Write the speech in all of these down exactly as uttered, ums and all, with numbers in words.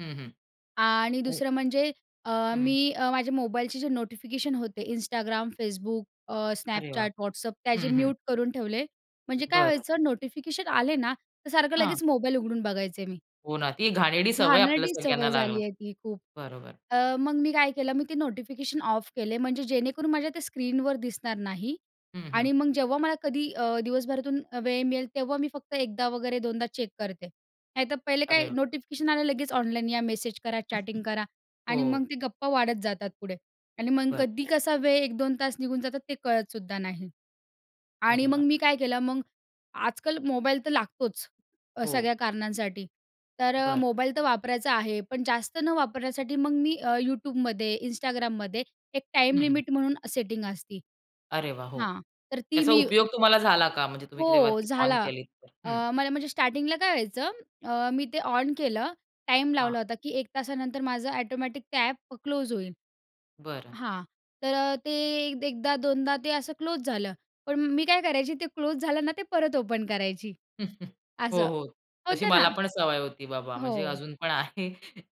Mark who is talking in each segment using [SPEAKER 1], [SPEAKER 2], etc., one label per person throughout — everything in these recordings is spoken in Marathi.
[SPEAKER 1] हं, हं.
[SPEAKER 2] आणि
[SPEAKER 1] हो.
[SPEAKER 2] दुसरं म्हणजे अ,
[SPEAKER 1] हं.
[SPEAKER 2] मी अ, माझ्या मोबाईलचे जे नोटिफिकेशन होते Instagram, Facebook, अ,
[SPEAKER 1] अरे वाह!
[SPEAKER 2] Snapchat, WhatsApp त्याचे
[SPEAKER 1] हं, हं.
[SPEAKER 2] म्यूट करून ठेवले. म्हणजे काय
[SPEAKER 1] बरं.
[SPEAKER 2] व्हायचं नोटिफिकेशन आले ना, तर सारखं
[SPEAKER 1] हां.
[SPEAKER 2] लगेच मोबाईल उघडून बघायचे मी.
[SPEAKER 1] हो ना. ती घाणेरडी सवय आपल्याला
[SPEAKER 2] घाणेरडी
[SPEAKER 1] सगळ्यांना
[SPEAKER 2] सवय
[SPEAKER 1] लागल.
[SPEAKER 2] झाली आहे ती खूप.
[SPEAKER 1] बरोबर.
[SPEAKER 2] अ, मग मी काय केलं, मी ते नोटिफिकेशन ऑफ केले. म्हणजे जेणेकरून माझ्या ते स्क्रीनवर दिसणार नाही
[SPEAKER 1] हं,
[SPEAKER 2] आणि
[SPEAKER 1] हं.
[SPEAKER 2] मग जेव्हा मला कधी अ, दिवसभरातून वेळ मिळेल, तेव्हा मी फक्त एकदा वगैरे दोनदा चेक करते. नाहीतर पहिले काय
[SPEAKER 1] अरे वाह!
[SPEAKER 2] नोटिफिकेशन आलं, लगेच ऑनलाइन या, मेसेज करा, चॅटिंग करा आणि मग
[SPEAKER 1] हो.
[SPEAKER 2] ते गप्पा वाढत जातात पुढे आणि मग
[SPEAKER 1] बरं.
[SPEAKER 2] कधी कसा वेळ एक दोन तास निघून जातात ते कळतसुद्धा नाही. आणि
[SPEAKER 1] अरे
[SPEAKER 2] मग
[SPEAKER 1] वाह!
[SPEAKER 2] मी काय केलं, मग आजकाल मोबाईल तर लागतोच अ,
[SPEAKER 1] हो.
[SPEAKER 2] सगळ्या कारणांसाठी तर अ,
[SPEAKER 1] बरं.
[SPEAKER 2] मोबाईल तर वापरायचा आहे, पण जास्त न वापरण्यासाठी मग मी अ, YouTubeमध्ये, Instagramमध्ये एक टाईम
[SPEAKER 1] हं, हं.
[SPEAKER 2] लिमिट म्हणून सेटिंग असती.
[SPEAKER 1] अरे वाह! हो,
[SPEAKER 2] हां, तर ती
[SPEAKER 1] त्याचा
[SPEAKER 2] मी
[SPEAKER 1] उपयोग तुम्हाला झाला का म्हणजे तुम्ही तेव्हा
[SPEAKER 2] हो
[SPEAKER 1] ती ऑन
[SPEAKER 2] झाला.
[SPEAKER 1] केली तर?
[SPEAKER 2] अ,
[SPEAKER 1] हं.
[SPEAKER 2] मला म्हणजे स्टार्टिंगला काय व्हायचं अ, मी ते ऑन केलं टाईम लावला
[SPEAKER 1] हां.
[SPEAKER 2] होता, की एक तासानंतर माझं ऑटोमॅटिक ते ॲप क्लोज होईल.
[SPEAKER 1] बरं.
[SPEAKER 2] हां, तर अ, ते अ, एकदा दोनदा ते असं क्लोज झालं. पण मी काय करायची ते क्लोज झालं ना ते परत ओपन करायची
[SPEAKER 1] हो
[SPEAKER 2] असं.
[SPEAKER 1] हो, तशी
[SPEAKER 2] होतं
[SPEAKER 1] मला
[SPEAKER 2] ना.
[SPEAKER 1] पण सवय होती बाबा म्हणजे
[SPEAKER 2] हो.
[SPEAKER 1] अजून पण आहे.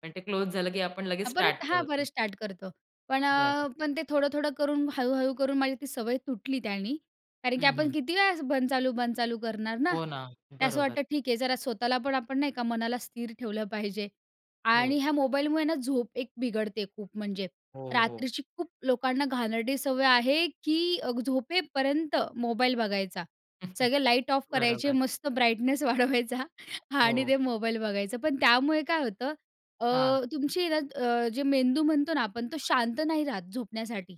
[SPEAKER 1] पण ते क्लोज झालं की आपण लगेच
[SPEAKER 2] परत
[SPEAKER 1] स्टार्ट
[SPEAKER 2] हां,
[SPEAKER 1] करतो.
[SPEAKER 2] परत स्टार्ट करतो. पण
[SPEAKER 1] बरं.
[SPEAKER 2] अ, पण ते थोडं-थोडं करून, हळू-हळू करून माझी ती सवय तुटली त्यानी कारण की
[SPEAKER 1] हं,
[SPEAKER 2] आपण
[SPEAKER 1] हं.
[SPEAKER 2] किती वेळा बंद चालू, बंद चालू करणार ना
[SPEAKER 1] हो ना,
[SPEAKER 2] ते. असं
[SPEAKER 1] बरोबर.
[SPEAKER 2] वाटतं ठीक आहे. जरा स्वतःला पण आपण नाही का, मनाला स्थिर ठेवलं पाहिजे आणि
[SPEAKER 1] हो.
[SPEAKER 2] ह्या मोबाईलमुळे ना झोप एक बिघडते खूप म्हणजे
[SPEAKER 1] हो, हो.
[SPEAKER 2] रात्रीची, खूप लोकांना घाणेरडी सवय आहे, की झोपेपर्यंत मोबाईल बघायचा. सगळे लाईट ऑफ करायचे,
[SPEAKER 1] बरोबर.
[SPEAKER 2] मस्त ब्राईटनेस वाढवायचा आणि
[SPEAKER 1] हो.
[SPEAKER 2] ते मोबाईल बघायचं, पण त्यामुळे काय होतं अ,
[SPEAKER 1] हां.
[SPEAKER 2] तुमची हे ना अ, जे मेंदू म्हणतो ना आपण तो शांत नाही राहत झोपण्यासाठी.